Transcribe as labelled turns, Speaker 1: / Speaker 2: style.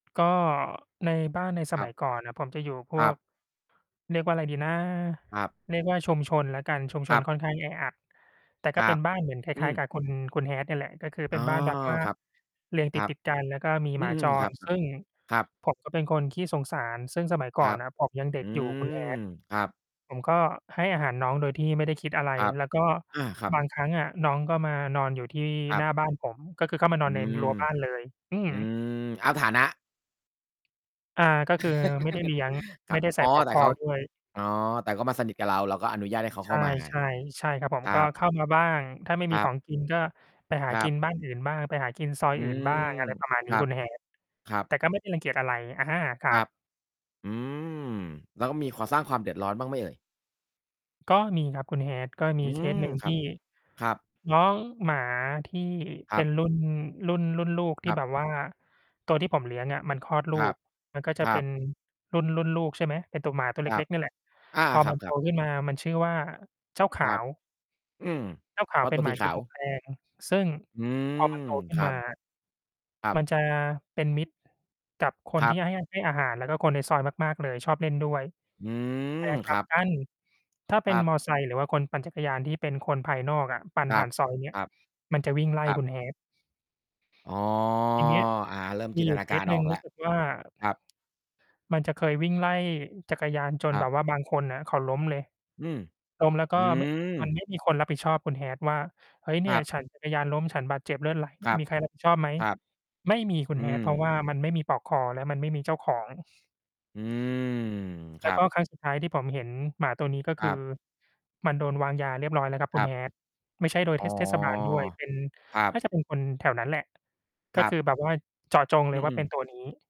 Speaker 1: ก็ในบ้านในส
Speaker 2: คร
Speaker 1: ม
Speaker 2: ั
Speaker 1: ั
Speaker 2: บ
Speaker 1: ยก่อนน่ะ ผมจะอยู่พ
Speaker 2: คร
Speaker 1: ว
Speaker 2: ั
Speaker 1: ก
Speaker 2: บ
Speaker 1: เรียกว่าอะไรดีนะ
Speaker 2: ครับ
Speaker 1: เรียกว่าชุมชนแล้วกัน ชุมช
Speaker 2: คร
Speaker 1: น
Speaker 2: ับ
Speaker 1: ค่อน ข้างแออัด แต่ก
Speaker 2: ค
Speaker 1: ็
Speaker 2: ร
Speaker 1: เ
Speaker 2: ั
Speaker 1: ป็
Speaker 2: บ
Speaker 1: น บ้านเหมือนคล
Speaker 2: อื
Speaker 1: ้าย ๆ ก
Speaker 2: ม
Speaker 1: ับคุณ คุณ Hat นี่แหละ ก็คือเป
Speaker 2: อ
Speaker 1: ็
Speaker 2: ๋อ
Speaker 1: นบ้านแบบว่า
Speaker 2: ครับ
Speaker 1: เรียง
Speaker 2: ค
Speaker 1: ต
Speaker 2: รับ
Speaker 1: ิด ๆ กันแล้วก็มี
Speaker 2: อ
Speaker 1: ห
Speaker 2: ื
Speaker 1: มา
Speaker 2: ม
Speaker 1: จ
Speaker 2: คร
Speaker 1: ร
Speaker 2: ับ
Speaker 1: ซึ่ง
Speaker 2: ๆ ครับ
Speaker 1: ผมก็เป็นคนขี้สงสาร ซึ่งสมัย
Speaker 2: ค
Speaker 1: ก่
Speaker 2: ร
Speaker 1: อ
Speaker 2: ั
Speaker 1: น
Speaker 2: บ
Speaker 1: นะผมยังเด็
Speaker 2: อื
Speaker 1: กอยู่ คุณ
Speaker 2: ม
Speaker 1: Hat
Speaker 2: ครับ
Speaker 1: ผมก็ให้อาหารน้องโดยที่ไม่ได้คิดอะไร
Speaker 2: ครับ
Speaker 1: แล้วก็
Speaker 2: อา ครับ
Speaker 1: บางครั้งอะน้องก็มานอนอยู่ที่
Speaker 2: ครั
Speaker 1: ห
Speaker 2: บ
Speaker 1: น้าบ้านผม ก็คือเข้ามา
Speaker 2: อ
Speaker 1: นอ
Speaker 2: ื
Speaker 1: นใน
Speaker 2: ม
Speaker 1: รั้วบ้านเลย อื
Speaker 2: อ
Speaker 1: ม
Speaker 2: ืม เอาฐานะ
Speaker 1: อ่า ก็คือ ไม่ได้เลี้ยง
Speaker 2: คร
Speaker 1: ไม
Speaker 2: ั
Speaker 1: ่
Speaker 2: บ
Speaker 1: ได้ใส
Speaker 2: อ๋
Speaker 1: ่
Speaker 2: อ
Speaker 1: ปลอก
Speaker 2: แต
Speaker 1: ค
Speaker 2: ่เ
Speaker 1: อ
Speaker 2: ขา
Speaker 1: ด้วย
Speaker 2: อ๋อ แต่เขามาสนิทกับเรา เราก็อนุญาตให้เขา
Speaker 1: ใ
Speaker 2: เ
Speaker 1: ช
Speaker 2: ข้
Speaker 1: ่
Speaker 2: ามา
Speaker 1: ๆ ใช่ครับผม
Speaker 2: ครั
Speaker 1: ก็
Speaker 2: บ
Speaker 1: เข้ามาบ้าง ถ้าไม่ม
Speaker 2: ค
Speaker 1: ี
Speaker 2: รั
Speaker 1: ขอ
Speaker 2: บ
Speaker 1: งกินก็ไปหา
Speaker 2: คร
Speaker 1: ก
Speaker 2: ั
Speaker 1: ิ
Speaker 2: บ
Speaker 1: นบ้านอื่นบ้าง ไปหากินซอย
Speaker 2: อื
Speaker 1: อื่น บ้า
Speaker 2: ม
Speaker 1: ง อะไรประมาณ
Speaker 2: ค
Speaker 1: นี้
Speaker 2: รั
Speaker 1: ค
Speaker 2: บ
Speaker 1: ุณ Hat
Speaker 2: ครับ
Speaker 1: แต่ก็ไม่ได้รังเกียจอะไร อะฮะ คร
Speaker 2: ค
Speaker 1: ั
Speaker 2: รั
Speaker 1: บ
Speaker 2: บ อืม แล้วก็มีควา สร้างความเดือดร้อนบ้างไหมเอ่ย?
Speaker 1: ก็มีครับคุณ Hat ก็ม
Speaker 2: อ
Speaker 1: ี
Speaker 2: ื
Speaker 1: เค
Speaker 2: ม
Speaker 1: ส หนึ่ง
Speaker 2: ค
Speaker 1: ท
Speaker 2: รั
Speaker 1: ี
Speaker 2: บ
Speaker 1: ่
Speaker 2: ครับ
Speaker 1: น้องหมาที่
Speaker 2: ค
Speaker 1: เ
Speaker 2: ร
Speaker 1: ป
Speaker 2: ั
Speaker 1: ็
Speaker 2: บ
Speaker 1: นรุ่น รุ่น รุ่นลูกท
Speaker 2: ค
Speaker 1: ี่
Speaker 2: รับ
Speaker 1: แบบว่าตัวที่ผมเลี้ยงอะมันคลอดล
Speaker 2: ค
Speaker 1: ู
Speaker 2: รับ
Speaker 1: ก มันก็จ
Speaker 2: ค
Speaker 1: ะ
Speaker 2: ร
Speaker 1: เป
Speaker 2: ั
Speaker 1: ็น
Speaker 2: บ
Speaker 1: รุ่น รุ่นลูก ใช่ไหม เป็นตัวหมาตัว
Speaker 2: ค
Speaker 1: เล
Speaker 2: รับ
Speaker 1: ็ก ๆ นี่แหละ
Speaker 2: อา
Speaker 1: พอ
Speaker 2: ค
Speaker 1: มันโต
Speaker 2: รับ ๆ
Speaker 1: ขึ้นมามันชื่อว่า เจ้าข
Speaker 2: ค
Speaker 1: า
Speaker 2: รับ
Speaker 1: ว
Speaker 2: อืม
Speaker 1: เจ้าข
Speaker 2: เพ
Speaker 1: าว
Speaker 2: ราะ
Speaker 1: เป
Speaker 2: ต
Speaker 1: ็น
Speaker 2: ัว
Speaker 1: ห
Speaker 2: ส
Speaker 1: มา
Speaker 2: ีข
Speaker 1: จ
Speaker 2: า
Speaker 1: ม
Speaker 2: ว
Speaker 1: ูกแดง ซึ่ง
Speaker 2: อืม
Speaker 1: พอมันโตขึ
Speaker 2: ค
Speaker 1: ้น
Speaker 2: รั
Speaker 1: ม
Speaker 2: บ
Speaker 1: า
Speaker 2: ครั
Speaker 1: ม
Speaker 2: บ
Speaker 1: ันจะเป็นมิตรกับค
Speaker 2: ค
Speaker 1: น
Speaker 2: รั
Speaker 1: ที่
Speaker 2: บ
Speaker 1: ให้ ให้อาหาร แล้วก็คนในซอยมาก ๆ เลย ชอบเล่นด้วย
Speaker 2: อื
Speaker 1: แ
Speaker 2: ม
Speaker 1: ต่ก
Speaker 2: ค
Speaker 1: ล
Speaker 2: ร
Speaker 1: ับ
Speaker 2: ับ
Speaker 1: กัน ถ้าเ
Speaker 2: ค
Speaker 1: ป็
Speaker 2: ร
Speaker 1: น
Speaker 2: ั
Speaker 1: มอ
Speaker 2: บ
Speaker 1: เตอร์ไซค์ หรือว่าคนปั่นจักรยานที่เป็นคนภายนอกอะ ปั่น
Speaker 2: คร
Speaker 1: ผ
Speaker 2: ั
Speaker 1: ่า
Speaker 2: บ
Speaker 1: นซอยเนี้
Speaker 2: ค
Speaker 1: ย
Speaker 2: รับ
Speaker 1: มันจะวิ่งไล่
Speaker 2: ครั
Speaker 1: ค
Speaker 2: บ
Speaker 1: ุณ Hat
Speaker 2: อ๋อ
Speaker 1: ที่นี้
Speaker 2: อ่า เริ่ม
Speaker 1: ม
Speaker 2: จ
Speaker 1: ี
Speaker 2: ินต
Speaker 1: อยู่
Speaker 2: นา
Speaker 1: เค
Speaker 2: กา
Speaker 1: ส
Speaker 2: ร
Speaker 1: หน
Speaker 2: อ
Speaker 1: ึ่
Speaker 2: อ
Speaker 1: ง
Speaker 2: กแล
Speaker 1: ร
Speaker 2: ้
Speaker 1: ู
Speaker 2: ว
Speaker 1: ้สึกว่า
Speaker 2: ครับ
Speaker 1: มันจะเคยวิ่งไล่จักรยาน จน
Speaker 2: คร
Speaker 1: แ
Speaker 2: ั
Speaker 1: บ
Speaker 2: บ
Speaker 1: บว่าบางคนน่ะเขาล้มเลย
Speaker 2: อืม
Speaker 1: ล้มแล้วก
Speaker 2: อ
Speaker 1: ็
Speaker 2: ื
Speaker 1: ม มัน
Speaker 2: ม
Speaker 1: ไม่มีคนรับผิดชอบคุณ Hat ว่า "เฮ้ย เน
Speaker 2: ค
Speaker 1: ี่
Speaker 2: ร
Speaker 1: ย
Speaker 2: ับ
Speaker 1: ฉันจักรยานล้ม ฉันบาดเจ็บเลือดไหล
Speaker 2: คร
Speaker 1: ม
Speaker 2: ับ
Speaker 1: มีใคร รับผิด ชอบไหม?"
Speaker 2: ครับ
Speaker 1: ไม่มี คุ
Speaker 2: อื
Speaker 1: ณ Hat เพราะ
Speaker 2: ม
Speaker 1: ว่ามันไม่มีปลอกคอ และมันไม่มีเจ้าของ
Speaker 2: อืม ค
Speaker 1: แล้
Speaker 2: ร
Speaker 1: ว
Speaker 2: ั
Speaker 1: ก็
Speaker 2: บ
Speaker 1: ครั้งสุดท้ายที่ผมเห็นหมาตัวนี้ ก็
Speaker 2: ค
Speaker 1: ค
Speaker 2: รั
Speaker 1: ือ
Speaker 2: บ
Speaker 1: มันโดนวางยาเรียบร้อยแล้วครับ
Speaker 2: ค
Speaker 1: คุ
Speaker 2: ร
Speaker 1: ณ
Speaker 2: ับ
Speaker 1: Hat ไม่ใช่โดย
Speaker 2: อ
Speaker 1: เ
Speaker 2: ๋
Speaker 1: ท
Speaker 2: อ
Speaker 1: ศ เทศบาลด้วย เป็น
Speaker 2: ครั
Speaker 1: น่
Speaker 2: บ
Speaker 1: าจะเป็นคนแถวนั้นแหละ ก
Speaker 2: ค
Speaker 1: ็
Speaker 2: รั
Speaker 1: ค
Speaker 2: บ
Speaker 1: ือแบบว่าเจาะจงเ
Speaker 2: อ
Speaker 1: ลยว่า
Speaker 2: ื
Speaker 1: เป
Speaker 2: อ
Speaker 1: ็น
Speaker 2: ๆ
Speaker 1: ตัวนี้